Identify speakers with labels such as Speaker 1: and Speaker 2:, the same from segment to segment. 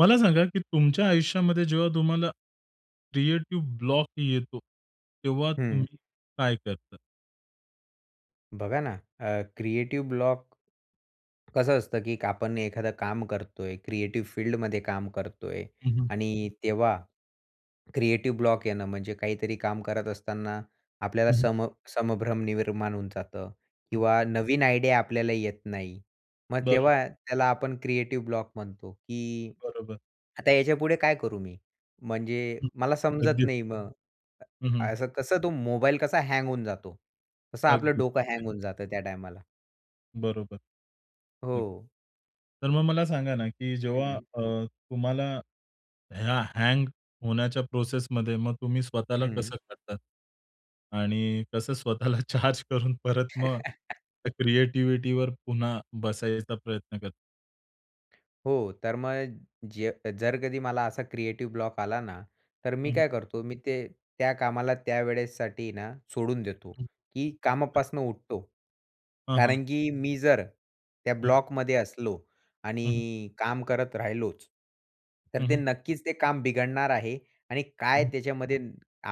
Speaker 1: मला सांगा, की तुमच्या आयुष्यामध्ये जेव्हा तुम्हाला क्रिएटिव्ह ब्लॉक येतो, तेव्हा
Speaker 2: हं.
Speaker 1: तुम्ही काय करता?
Speaker 2: बघा ना, अ, क्रिएटिव ब्लॉक कसं असतं, की आपण एखादं काम करतोय. क्रिएटिव्ह फील्डमध्ये काम करतोय
Speaker 1: हं, हं.
Speaker 2: आणि तेव्हा क्रिएटिव ब्लॉक येणं, म्हणजे काहीतरी काम करत असताना आपल्याला
Speaker 1: हं, हं.
Speaker 2: सम संभ्रम निर्माण होऊन जातं
Speaker 1: हं.
Speaker 2: किंवा नवीन आयडिया आपल्याला येत नाही. मग
Speaker 1: बरं.
Speaker 2: तेव्हा त्याला आपण क्रिएटिव ब्लॉक म्हणतो, की
Speaker 1: बरोबर.
Speaker 2: आता याच्यापुढे काय करू मी? म्हणजे मला समजत
Speaker 1: अगदीच.
Speaker 2: नाही, मग
Speaker 1: हं,
Speaker 2: अ,
Speaker 1: हं.
Speaker 2: असं कसं तो मोबाईल कसा हँग होऊन जातो, तसं आपलं
Speaker 1: अगदी
Speaker 2: डोकं
Speaker 1: खरं आहे.
Speaker 2: हँग होऊन जातं त्या टायमाला.
Speaker 1: बरोबर नक्कीच.
Speaker 2: हो.
Speaker 1: तर मग मला सांगा ना, की जेव्हा
Speaker 2: हं.
Speaker 1: अ, तुम्हाला ह्या हँग होण्याच्या प्रोसेसमध्ये, मग तुम्ही स्वतःला
Speaker 2: हं.
Speaker 1: कसं काढतात? आणि कसं स्वतःला चार्ज करून परत मग त्या क्रिएटिविटीवर पुन्हा बसायचा प्रयत्न करता?
Speaker 2: हो, तर मग जे जर कधी मला असा क्रिएटिव्ह ब्लॉक आला ना, तर मी
Speaker 1: हं.
Speaker 2: काय करतो, मी ते त्या कामाला त्या वेळेसाठी ना सोडून देतो, की कामापासनं उठतो.
Speaker 1: हां, हां.
Speaker 2: कारण की मी जर त्या
Speaker 1: हं.
Speaker 2: ब्लॉकमध्ये असलो
Speaker 1: हं, हं.
Speaker 2: आणि काम करत राहिलोच, तर
Speaker 1: हं,
Speaker 2: ते
Speaker 1: हं.
Speaker 2: नक्कीच ते काम बिघडणार आहे आणि काय
Speaker 1: हं.
Speaker 2: त्याच्यामध्ये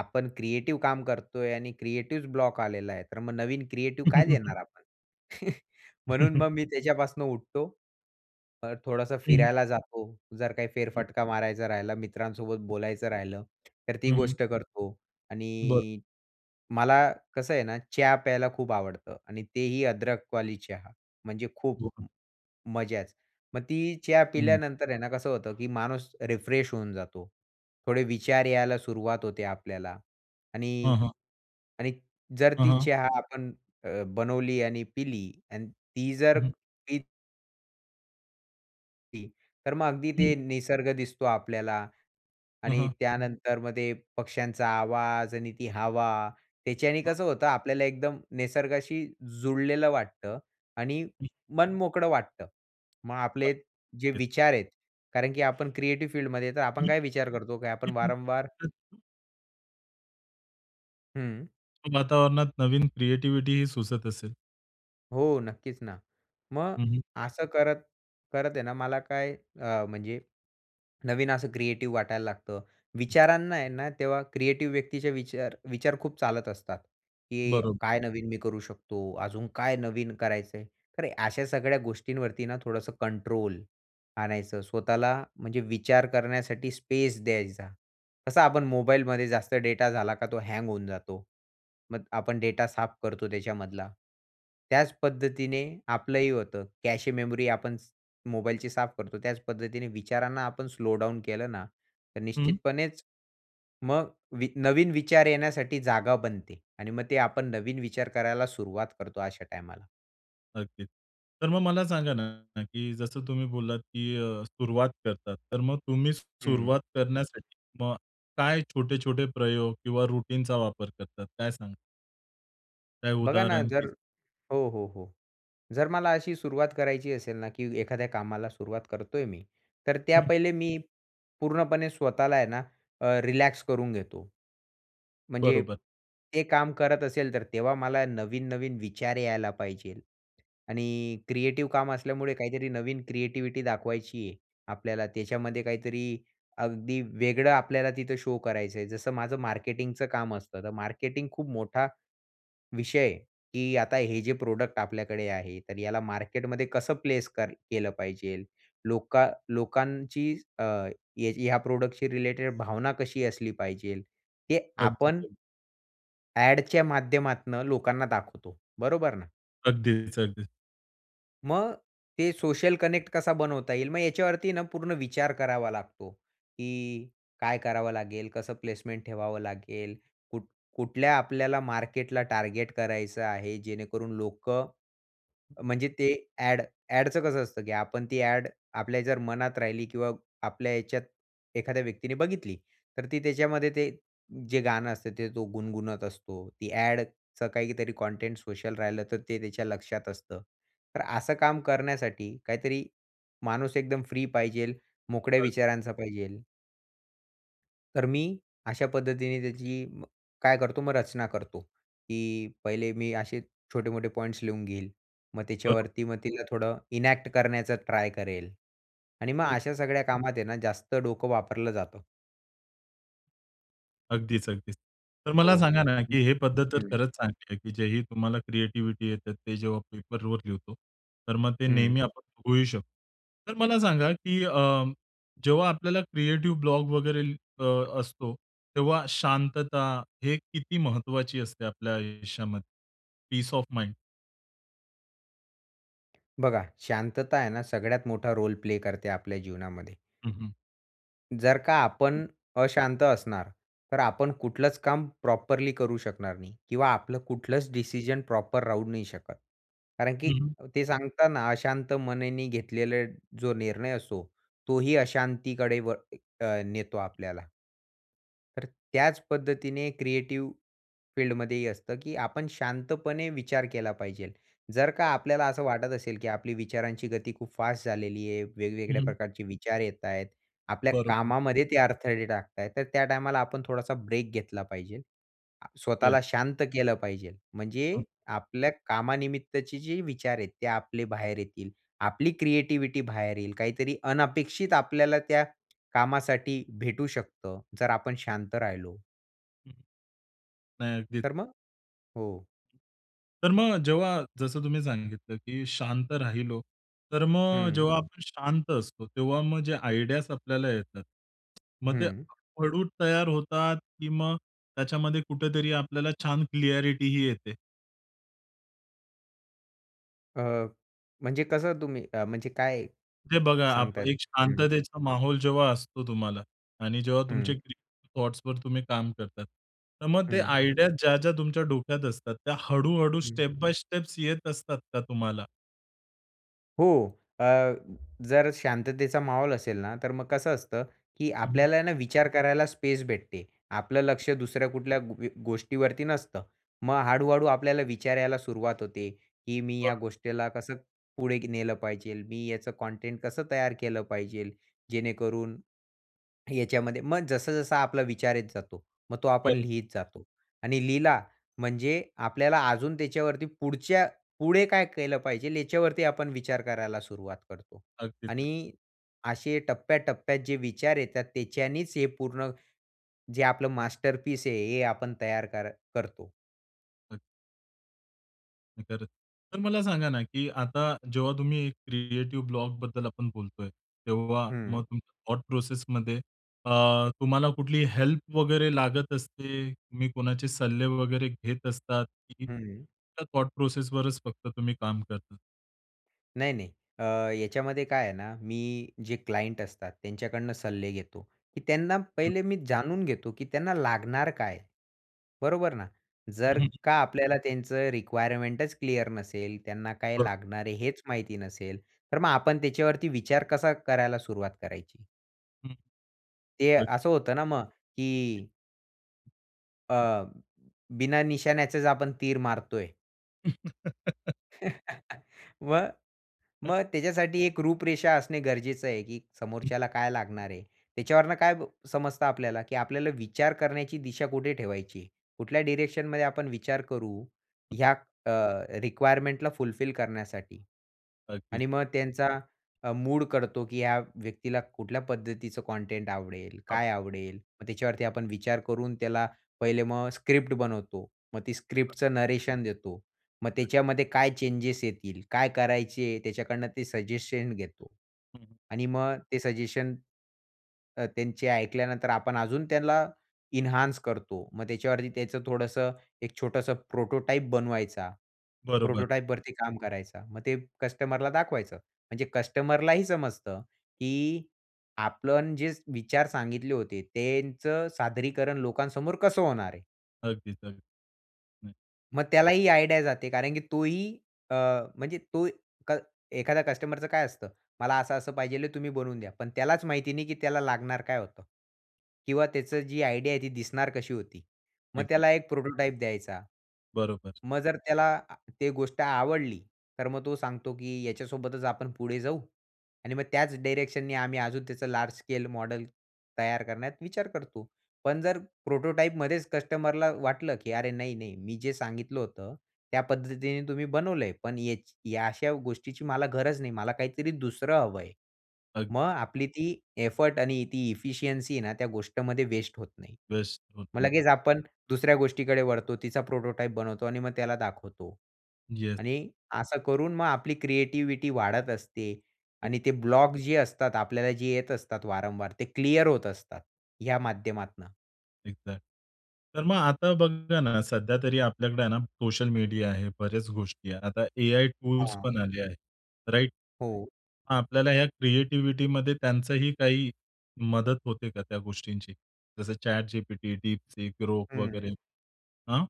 Speaker 2: आपण क्रिएटिव काम करतोय आणि क्रिएटिव ब्लॉक आलेला आहे, तर मग नवीन क्रिएटिव्ह काय देणार आपण? म्हणून मग मी त्याच्यापासून उठतो. अ, थोडंसं
Speaker 1: हं.
Speaker 2: फिरायला जातो, जर काही फेरफटका मारायचा राहिला, मित्रांसोबत बोलायचं राहिलं, तर ती
Speaker 1: हं, हं.
Speaker 2: गोष्ट करतो
Speaker 1: बरं.
Speaker 2: आणि मला कसं आहे ना, चहा प्यायला खूप आवडतं आणि तेही अदरक वाली चहा, म्हणजे खूप
Speaker 1: [unintelligible]
Speaker 2: मजाच. मग ती चहा
Speaker 1: हं.
Speaker 2: पिल्यानंतर आहे ना, कसं होतं, की माणूस रिफ्रेश होऊन जातो. थोडे विचार यायला सुरुवात होते आपल्याला
Speaker 1: हां,
Speaker 2: आणि
Speaker 1: हां.
Speaker 2: आणि जर
Speaker 1: हां,
Speaker 2: ती
Speaker 1: हां.
Speaker 2: चहा आपण अ, बनवली आणि पिली आणि ती जर
Speaker 1: हं, हं.
Speaker 2: पित ती, तर मग अगदी ते
Speaker 1: हं.
Speaker 2: निसर्ग दिसतो आपल्याला
Speaker 1: हं,
Speaker 2: आणि
Speaker 1: हं.
Speaker 2: त्यानंतर मग ते पक्ष्यांचा आवाज आणि ती हवा, त्याच्याने
Speaker 1: हां.
Speaker 2: कसं होतं आपल्याला, एकदम निसर्गाशी जुळलेलं वाटतं आणि
Speaker 1: हम्म.
Speaker 2: मन मोकळं वाटतं. मग आपले जे
Speaker 1: [unintelligible]
Speaker 2: विचार आहेत कारण की आपण क्रिएटिव्ह फील्डमध्ये तर आपण
Speaker 1: हं.
Speaker 2: काय विचार करतो? की आपण वारंवार
Speaker 1: [unintelligible]
Speaker 2: हम्म.
Speaker 1: वातावरणात नवीन क्रीएटिविटिही सुचत असेल?
Speaker 2: हो, नक्कीच ना. मग
Speaker 1: हं, हं.
Speaker 2: असं करत करत आहे ना, मला काय, अ, म्हणजे नवीन असं क्रिएटिव्ह वाटायला लागतं. विचारांना आहे ना, तेव्हा क्रिएटिव्ह व्यक्तीचे विचार विचार खूप चालत असतात, की
Speaker 1: बरोब
Speaker 2: काय नवीन मी करू शकतो? अजून काय नवीन करायचं आहे. तर अशा सगळ्या गोष्टींवरती ना थोडंसं कंट्रोल आणायचं. स्वतःला, म्हणजे विचार करण्यासाठी स्पेस द्यायचा. कसा आपण मोबाईलमध्ये जास्त डेटा झाला का, तो हँग होऊन जातो. मग आपण डेटा साफ करतो त्याच्यामधला. त्याच पद्धतीने आपलंही होतं, कॅशे मेमोरी आपण मोबाईलची साफ करतो, त्याच पद्धतीने विचारांना आपण स्लो डाउन केलं ना, तर
Speaker 1: हं.
Speaker 2: निश्चितपणेच मग वी नवीन विचार येण्यासाठी जागा बनते आणि मग ते आपण नवीन विचार करायला सुरुवात करतो अशा टायमाला.
Speaker 1: नक्कीच. तर मग मला सांगा ना, की जसं तुम्ही बोललात की अ, सुरुवात करतात, तर मग तुम्ही
Speaker 2: हं.
Speaker 1: सुरुवात करण्यासाठी किंवा काय छोटे-छोटे प्रयोग किंवा रुटीनचा वापर करतात, काय सांगणार? काही
Speaker 2: बघा ना,
Speaker 1: उदाहरण
Speaker 2: जर
Speaker 1: की
Speaker 2: हो, हो, हो. जर मला अशी सुरुवात करायची असेल ना, की एखाद्या कामाला सुरुवात करतोय मी, तर त्या
Speaker 1: हं.
Speaker 2: पहिले मी पूर्णपणे स्वतःला आहे ना, अ, रिलॅक्स करून घेतो. म्हणजे
Speaker 1: बरोबर.
Speaker 2: ते काम करत असेल तर, तेव्हा मला नवीन-नवीन विचार यायला पाहिजेल. आणि क्रिएटिव्ह काम असल्यामुळे, काहीतरी नवीन क्रिएटीव्हीटी दाखवायची आहे आपल्याला, त्याच्यामध्ये काहीतरी अगदी वेगळं आपल्याला तिथं शो करायचं आहे. जसं माझं मार्केटिंगचं काम असतं. तर मार्केटिंग खूप मोठा विषय, की आता हे जे प्रॉडक्ट आपल्याकडे आहे, तर याला मार्केटमध्ये कसं प्लेस कर केलं पाहिजेल, लोकां लोकांची अ, ह्याची ह्या प्रॉडक्टशी रिलेटेड भावना कशी असली पाहिजेल. ते
Speaker 1: अगदीच,
Speaker 2: आपण
Speaker 1: अगदीच.
Speaker 2: ॲडच्या माध्यमातनं लोकांना दाखवतो. बरोबर ना.
Speaker 1: अगदीच, अगदीच.
Speaker 2: मग ते सोशल कनेक्ट कसा बनवता येईल. मग याच्यावरती पूर्ण विचार करावा लागतो, की काय करावं लागेल? कसं प्लेसमेंट ठेवावं लागेल? कुठ कुठल्या आपल्याला मार्केटला टार्गेट करायचं आहे? जेणेकरून लोकं, म्हणजे ते ॲड ॲडचं कसं असतं, की आपण ती ॲड आपल्या जर मनात राहिली किंवा आपल्या याच्यात एखाद्या व्यक्तीने बघितली. तर ती त्याच्यामध्ये ते जे गाणं असतं, ते तो गुणगुणत असतो. ती ॲडचं काहीतरी कंटेंट सोशल राहिलं तर ते त्याच्या लक्षात असतं. तर असं काम करण्यासाठी काहीतरी माणूस एकदम फ्री पाहिजेल मोकळ्या
Speaker 1: अ
Speaker 2: विचारांचा पाहिजेल. तर मी अशा पद्धतीने त्याची मग काय करतो, मग रचना करतो, की पहिले मी असे छोटे-मोठे पॉईंट्स लिहून घेईल. मग
Speaker 1: बरो
Speaker 2: त्याच्यावरती मग तिला थोडं इनॅक्ट करण्याचा ट्राय करेल आणि मग
Speaker 1: हो.
Speaker 2: अशा सगळ्या कामात आहे ना, जास्त डोकं वापरलं जातं.
Speaker 1: अगदीच, अगदीच. तर मला
Speaker 2: हो.
Speaker 1: सांगा ना,
Speaker 2: हं,
Speaker 1: की हे पद्धत तर
Speaker 2: हं.
Speaker 1: खरंच चांगली आहे, की जे ही तुम्हाला क्रिएटिव्हिटी येते ते जेव्हा पेपरवर लिहितो, तर मग ते
Speaker 2: हं.
Speaker 1: नेहमी आपण बघूही शक तर मला सांगा, की अ, जेव्हा आपल्याला क्रिएटिव्ह ब्लॉग वगैरे अ, असतो, तेव्हा शांतता हे किती महत्त्वाची असते आपल्या आयुष्यामध्ये, पीस ऑफ माईंड?
Speaker 2: बघा, शांतता आहे ना, सगळ्यात मोठा रोल प्ले करते आपल्या जीवनामध्ये.
Speaker 1: हं, हं.
Speaker 2: जर का
Speaker 1: हं.
Speaker 2: आपण अशांत असणार, तर आपण कुठलंच काम प्रॉपरली करू शकणार नाही किंवा आपलं कुठलंच डिसिजन प्रॉपर राहू नाही शकत. कारण
Speaker 1: हं,
Speaker 2: की
Speaker 1: हं.
Speaker 2: ते सांगतना, अशांत मनाने घेतलेला जो निर्णय असो, तोही अशांतीकडे व अ, नेतो आपल्याला. तर त्याच पद्धतीने क्रिएटिव्ह फील्डमध्ये ही असतं, की आपण शांतपणे विचार केला पाहिजेल. जर का
Speaker 1: [unintelligible]
Speaker 2: आपल्याला असं वाटत असेल, की आपली विचारांची गती खूप फास्ट झालेली आहे,
Speaker 1: हं,
Speaker 2: वेगवेगळ्या
Speaker 1: हं.
Speaker 2: प्रकारचे विचार येत आहेत आणि आपल्या
Speaker 1: बरोबर.
Speaker 2: कामामध्ये ते अडथळे टाकत आहेत, तर त्या टायमाला आपण थोडासा ब्रेक घेतला पाहिजे. आ,
Speaker 1: येस.
Speaker 2: स्वतःला शांत केलं पाहिजे, म्हणजे
Speaker 1: हं.
Speaker 2: आपल्या कामानिमित्तचे जे विचार आहेत, ते आपले बाहेर येतील. आपली क्रिएटिव्हिटी बाहेर येईल. काहीतरी अनपेक्षित आपल्याला त्या कामासाठी भेटू शकतं, जर आपण शांत राहिलो.
Speaker 1: हं. नाही. अगदीच.
Speaker 2: तर मग हो.
Speaker 1: तर मग जेव्हा जसं तुम्ही सांगितलं, की शांत राहिलो, तर मग
Speaker 2: हं.
Speaker 1: जेव्हा आपण शांत असतो, तेव्हा मग जे आयडियाज आपल्याला येतात. मग ते
Speaker 2: हं.
Speaker 1: हळू तयार होतात, की मग त्याच्यामध्ये कुठेतरी आपल्याला छान क्लॅरिटीही येते?
Speaker 2: अ, म्हणजे कसं तुम्ही अ, म्हणजे काय
Speaker 1: ते बघा आप
Speaker 2: सांगतायत?
Speaker 1: एक
Speaker 2: हं.
Speaker 1: शांततेचा माहौल जेव्हा असतो तुम्हाला आणि जेव्हा तुमचे
Speaker 2: हं.
Speaker 1: क्रीएटिव थॉट्सवर तुम्ही काम करतात. तर मग ते
Speaker 2: हं.
Speaker 1: आयडिया ज्या-ज्या तुमच्या डोक्यात असतात, त्या हळू-हळू
Speaker 2: हं.
Speaker 1: स्टेप बाय स्टेप्स येत असतात का तुम्हाला?
Speaker 2: हो, अ, जर शांततेचा माहौल असेल ना, तर मग कसं असतं, की
Speaker 1: हं.
Speaker 2: आपल्याला ना विचार करायला स्पेस भेटते. आपलं लक्ष दुसऱ्या कुठल्या ग गोष्टीवरती नसतं. मग हळू-हळू आपल्याला विचार यायला सुरुवात होते, की मी या
Speaker 1: बरं.
Speaker 2: गोष्टीला कसं पुढे नेलं पाहिजेल, मी याचं कंटेंट कसं तयार केलं पाहिजेल? जेणेकरून याच्यामध्ये मग जस-जसा आपला विचार येत जातो, मग तो आपण
Speaker 1: बरोबर.
Speaker 2: लिहीत जातो आणि लिहिला म्हणजे आपल्याला अजून त्याच्यावरती पुढच्या पुढे काय केलं पाहिजे याच्यावरती आपण विचार करायला सुरुवात करतो
Speaker 1: अगदीच, अगदी.
Speaker 2: आणि असे टप्प्याटप्प्यात जे विचार येतात त्याच्यानीच हे पूर्ण जे आपलं मास्टरपीस आहे हे आपण तयार कर करतो.
Speaker 1: [unintelligible] नाय खरंच. तर मला सांगा ना की आता जेव्हा तुम्ही हे क्रिएटिव्ह ब्लॉकबद्दल आपण बोलतोय. तेव्हा मग
Speaker 2: हं.
Speaker 1: तुमच्या थॉट प्रोसेसमध्ये अ, तुम्हाला कुठली हेल्प वगैरे लागत असते? तुम्ही कोणाचे सल्ले वगैरे घेत असतात? की
Speaker 2: हं.
Speaker 1: त्या थॉट प्रोसेसवरच फक्त तुम्ही काम करतात?
Speaker 2: नाही नाही. अ, याच्यामध्ये काय आहे ना, मी जे क्लायंट असतात त्यांच्याकडनं सल्ले घेतो, की त्यांना पहिले मी जाणून घेतो की त्यांना लागणार काय? बरोबर ना?
Speaker 1: हं,
Speaker 2: जर
Speaker 1: हं.
Speaker 2: का आपल्याला त्यांचं रिक्वायरमेंटच क्लिअर नसेल, त्यांना काय
Speaker 1: बरं.
Speaker 2: लागणार आहे हेच माहिती नसेल, तर मग आपण त्याच्यावरती विचार कसा करायला सुरुवात करायची?
Speaker 1: हं,
Speaker 2: ते
Speaker 1: अच्छा.
Speaker 2: असं होतं ना मग की अ, बिना निशाण्याचेच आपण तीर मारतोय. मग, मग
Speaker 1: [unintelligible]
Speaker 2: त्याच्यासाठी एक रूपरेषा असणे गरजेचं आहे की
Speaker 1: हं.
Speaker 2: समोरच्याला काय लागणार आहे. त्याच्यावरून काय समजतं आपल्याला की आपल्याला विचार करण्याची दिशा कुठे ठेवायची. कुठल्या डायरेक्शनमध्ये आपण विचार करू,
Speaker 1: [unintelligible]
Speaker 2: ह्या अ, रिक्वायरमेंटला फुलफिल करण्यासाठी.
Speaker 1: अगदीच.
Speaker 2: आणि मग त्यांचा अ, मूड करतो की या व्यक्तीला कुठल्या पद्धतीचं कंटेंट आवडेल, काय
Speaker 1: [unintelligible]
Speaker 2: आवडेल. मग त्याच्यावरती आपण विचार करून त्याला पहिले मग स्क्रिप्ट बनवतो, मग ती स्क्रिप्टचं नरेशन देतो. मग
Speaker 1: [unintelligible]
Speaker 2: त्याच्यामध्ये काय चेंजेस येतील, काय करायचे, त्याच्याकडनं ते सजेशन घेतो.
Speaker 1: हं, हं
Speaker 2: आणि मग ते सजेशन, तर त्यांचे ऐकल्यानंतर, आपण अजून त्यांना एन्हान्स करतो, मग त्याच्यावरती त्याचं थोडंसं एक छोटंसं प्रोटोटाइप बनवायचा.
Speaker 1: बरोबर.
Speaker 2: प्रोटोटाइपवरती काम करायचा. मग ते कस्टमरला दाखवायचं. म्हणजे कस्टमरलाही समजतं की आपण जे विचार सांगितले होते, त्यांचं सादरीकरण लोकांसमोर कसं होणार आहे.
Speaker 1: अगदीच. अगदी, हं.
Speaker 2: मग त्याला ही आयडिया जाते. कारण की तो ही अ, म्हणजे तो क एखाद्या कस्टमरचं काय असतं? मला असं-असं पाहिजे तुम्ही बनवून द्या. पण त्यालाच माहिती नाही की त्याला लागणार काय होतं किंवा त्याचं जी आयडिया आहे ती दिसणार कशी होती? मग
Speaker 1: एक्झॅक्ट.
Speaker 2: त्याला एक प्रोटोटाइप द्यायचा.
Speaker 1: बरोबर.
Speaker 2: मग जर त्याला अ, ते गोष्ट आवडली. तर मग तो सांगतो की याच्यासोबतच आपण पुढे जाऊ आणि मग त्याच डायरेक्शननी आम्ही अजून त्याचं लार्ज स्केल मॉडल तयार करण्यात विचार करतो. पण जर प्रोटोटाइपमध्येच कस्टमरला वाटलं की अरे नाही-नाही मी जे सांगितलं होतं त्या पद्धतीने तुम्ही बनवलंय. पण याची या अशा गोष्टीची मला गरज नाही, मला काहीतरी दुसरं हवं आहे. मग
Speaker 1: अगदीच.
Speaker 2: आपली ती एफर्ट आणि ती एफिशियंसी आहे ना त्या गोष्टमध्ये वेस्ट होत नाही.
Speaker 1: वेस्ट होत
Speaker 2: मग
Speaker 1: नाही.
Speaker 2: लगेच आपण दुसऱ्या गोष्टीकडे वळतो. तिचा प्रोटोटाइप बनवतो आणि मग त्याला दाखवतो
Speaker 1: येस.
Speaker 2: आणि असं करून मग आपली क्रिएटिव्हिटी वाढत असते
Speaker 1: ठीक.
Speaker 2: आणि ते ब्लॉक जे असतात आपल्याला जे येत असतात वारंवार ते क्लिअर होत असतात, ह्या माध्यमातनं.
Speaker 1: एक्झॅक्ट, तर मग आता बघा ना सध्या तरी आपल्याकडे आहे ना सोशल मीडिया आहे, बऱ्याच गोष्टी आहे. आता एआई टूल्स
Speaker 2: हां.
Speaker 1: पण आले आहेत. राइट?
Speaker 2: हो.
Speaker 1: आपल्याला ह्या क्रिएटिव्हिटीमध्ये त्यांचाही काही मदत होते का त्या गोष्टींची? जसं ChatGPT, DeepSeek, Grok वगैरे,
Speaker 2: हम्म.
Speaker 1: अं?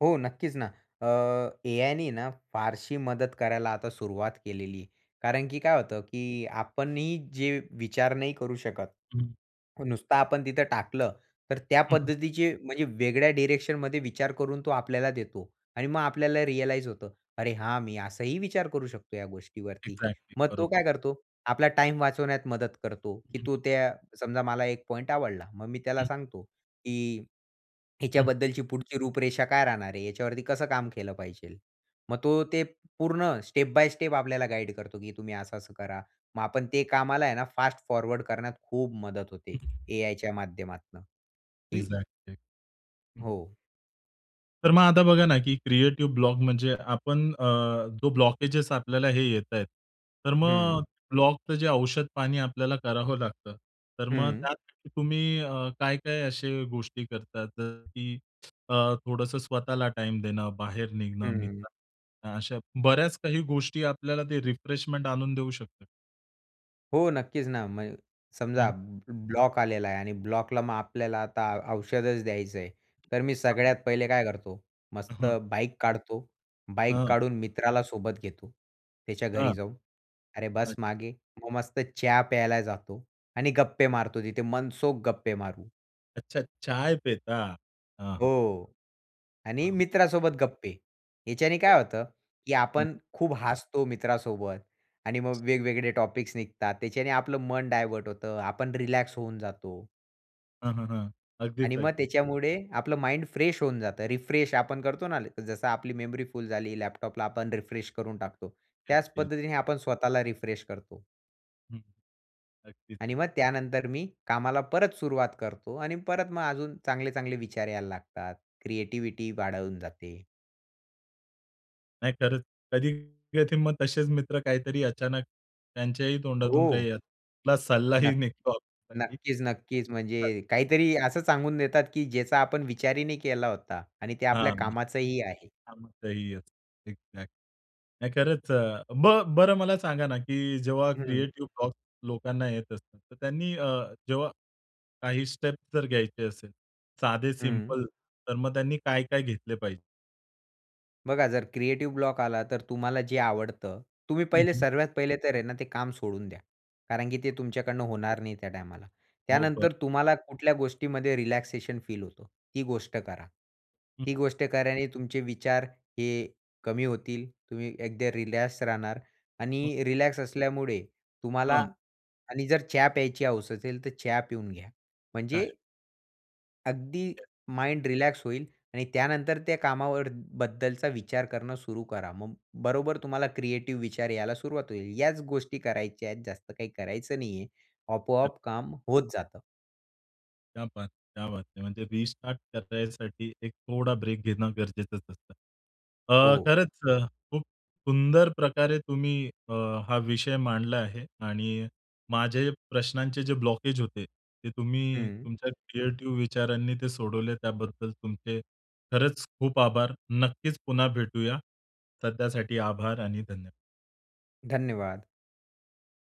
Speaker 2: हो, नक्कीच ना, अ, एआय ने ना, फारशी मदत करायला आता सुरुवात केलेलीय. कारण की काय होतं, की आपण ही जे विचार नाही करू शकत.
Speaker 1: हं.
Speaker 2: नुसतं आपण तिथं टाकलं तर त्या
Speaker 1: हं, हं.
Speaker 2: पद्धतीचे म्हणजे वेगळ्या डायरेक्शनमध्ये विचार करून तो आपल्याला देतो आणि मग आपल्याला रियलाईज होतं. अरे हा, मी असाही विचार करू शकतो या गोष्टीवरती.
Speaker 1: एक्झॅक्टली
Speaker 2: मग तो
Speaker 1: बरोबर.
Speaker 2: काय करतो? आपला टाईम वाचवण्यात मदत करतो,
Speaker 1: हं,
Speaker 2: की
Speaker 1: हं.
Speaker 2: तो त्या समजा मला एक पॉइंटआवडला. मग मी त्याला
Speaker 1: हं.
Speaker 2: सांगतो की
Speaker 1: हं.
Speaker 2: हिच्याबद्दलची पुढची रूपरेषा काय राहणार आहे? याच्यावरती कसं काम केलं पाहिजे? मग तो ते पूर्ण स्टेप बाय स्टेप आपल्याला गाईड करतो, की तुम्ही असं-असं करा. मग आपण ते कामाला आहे ना, फास्ट फॉरवर्ड करण्यात खूप मदत होते,
Speaker 1: हं, हं.
Speaker 2: एआयच्या माध्यमातून की
Speaker 1: एक्झॅक्टली, हं, हं.
Speaker 2: हो.
Speaker 1: तर मग आता बघा ना, की क्रिएटिव्ह ब्लॉक म्हणजे आपण अ, जो ब्लॉकेज आपल्याला हे येताय. तर मग अ,
Speaker 2: हं.
Speaker 1: ब्लॉकचं जे औषध पाणी आपल्याला करावं लागतं. तर मग
Speaker 2: हं.
Speaker 1: त्यासाठी तुम्ही अ, काय-काय असे गोष्टी करतात? जस की अ, थोडंसं स्वतःला टाईम देणं, बाहेर निघणं,
Speaker 2: हं.
Speaker 1: मित्रांना भेटणं, अशा बऱ्याच काही गोष्टी आपल्याला ते रिफ्रेशमेंट आणून देऊ शकतात?
Speaker 2: हो, नक्कीच ना. म्हण समजा
Speaker 1: हं.
Speaker 2: ब ब्लॉक आलेला आहे आणि ब्लॉकला मग आपल्याला आता औषधच द्यायचं आहे. तर मी
Speaker 1: हां.
Speaker 2: सगळ्यात पहिले काय करतो, मस्त
Speaker 1: अहं.
Speaker 2: बाईक काढतो. बाईक
Speaker 1: हं.
Speaker 2: काढून मित्राला सोबत घेतो. त्याच्या घरी
Speaker 1: हां.
Speaker 2: जाऊन, "अरे
Speaker 1: अच्छा.
Speaker 2: बस मागे," मग मस्त चहा प्यायला जातो आणि गप्पे मारतो. तिथे मनसोख गप्पे मारू.
Speaker 1: अच्छा, चाय पेता? हां, हां.
Speaker 2: हो, आणि
Speaker 1: हां.
Speaker 2: मित्रासोबत गप्पे. ह्याच्याने
Speaker 1: हो.
Speaker 2: काय होतं, की आपण
Speaker 1: हं.
Speaker 2: खूप हसतो मित्रासोबत आणि मग वेगवेगळे टॉपिक्स निघतात. त्याच्याने आपलं मन डायव्हर्ट होतं, आपण रिलॅक्स होऊन जातो.
Speaker 1: हां, हां. हां, अगदीच,
Speaker 2: आणि मग
Speaker 1: अगदीच.
Speaker 2: त्याच्यामुळे आपलं माइंड फ्रेश होऊन जातं, रिफ्रेश आपण करतो ना, जसं आपली मेमरी फुल झाली लॅपटॉपला आपण रिफ्रेश करून टाकतो, त्याच
Speaker 1: [unintelligible]
Speaker 2: पद्धतीने आपण स्वतःला रिफ्रेश करतो.
Speaker 1: हं. अगदीच,
Speaker 2: आणि
Speaker 1: अगदीच.
Speaker 2: मग त्यानंतर मी कामाला परत सुरुवात करतो आणि परत मग अजून चांगले-चांगले विचार यायला लागतात, क्रिएटिव्हिटी वाढवून जाते.
Speaker 1: नाही, खरंच, कधी-कधी मग तसेच मित्र काहीतरी अचानक, त्यांच्याही तोंडातून
Speaker 2: हो.
Speaker 1: काही सल्लाही
Speaker 2: नक्क
Speaker 1: निघतो आपल्यासाठी.
Speaker 2: नक्कीच, नक्कीच.
Speaker 1: हां.
Speaker 2: म्हणजे काहीतरी असं सांगून देतात, की ज्याचा आपण विचारही नाही केला होता आणि ते आपल्या
Speaker 1: हां.
Speaker 2: कामाचंही आहे.
Speaker 1: कामाचंही असतं, एक्झॅक्ट नाही खरंच. अ, ब बरं मला सांगा ना, की जेव्हा
Speaker 2: हं.
Speaker 1: क्रिएटिव्ह ब्लॉक्स लोकांना येत असतात, तर त्यांनी अ, जेव्हा काही स्टेप्स जर घ्यायचे असेल, साधे
Speaker 2: हं.
Speaker 1: सिंपल तर मग त्यांनी काय-काय घेतले पाहिजे?
Speaker 2: बघा, जर क्रिएटिव्ह ब्लॉक आला तर तुम्हाला जे आवडतं, तुम्ही
Speaker 1: हं,
Speaker 2: पहिले
Speaker 1: हं.
Speaker 2: सर्वात पहिले तर आहे ना, ते काम सोडून द्या. कारण की ते तुमच्याकडनं होणार नाही त्या टायमाला.
Speaker 1: हो. बरं.
Speaker 2: त्यानंतर तुम्हाला कुठल्या गोष्टीमध्ये रिलॅक्सेशन फील होतं ती गोष्ट करा.
Speaker 1: हं.
Speaker 2: ती गोष्ट केल्याने तुमचे विचार हे कमी होतील तुम्ही एकदा रिलॅक्स राहणार
Speaker 1: हं.
Speaker 2: आणि रिलॅक्स असल्यामुळे तुम्हाला
Speaker 1: हां.
Speaker 2: आणि जर चहा प्यायची हौस असेल तर चहा पिऊन घ्या.
Speaker 1: चालेल.
Speaker 2: म्हणजे अगदी माइंड रिलॅक्स होईल. आणि त्यानंतर त्या कामावर बद्दलचा विचार करणं सुरू करा. मग बरोबर तुम्हाला क्रिएटिव्ह विचार यायला सुरुवात होईल. याच गोष्टी करायच्या आहेत जास्त काही करायचं नाहीये.
Speaker 1: हं.
Speaker 2: आपोआप काम होत जातं.
Speaker 1: क्या बात! क्या बात है! म्हणजे रिस्टार्ट करण्यासाठी एक थोडा ब्रेक घेणं गरजेचंच असतं. अ,
Speaker 2: हो.
Speaker 1: खरंच अ, खूप सुंदर प्रकारे तुम्ही अ, हा विषय मांडला आहे, आणि माझे प्रश्नांचे जे ब्लॉकेज होते. ते तुम्ही
Speaker 2: हं.
Speaker 1: तुमच्या क्रिएटिव्ह विचारांनी ते सोडवले त्याबद्दल तुमचे खरंच खूप आभार! नक्कीच पुन्हा भेटूया. सध्यासाठी आभार आणि धन्यवाद
Speaker 2: धन्यवाद.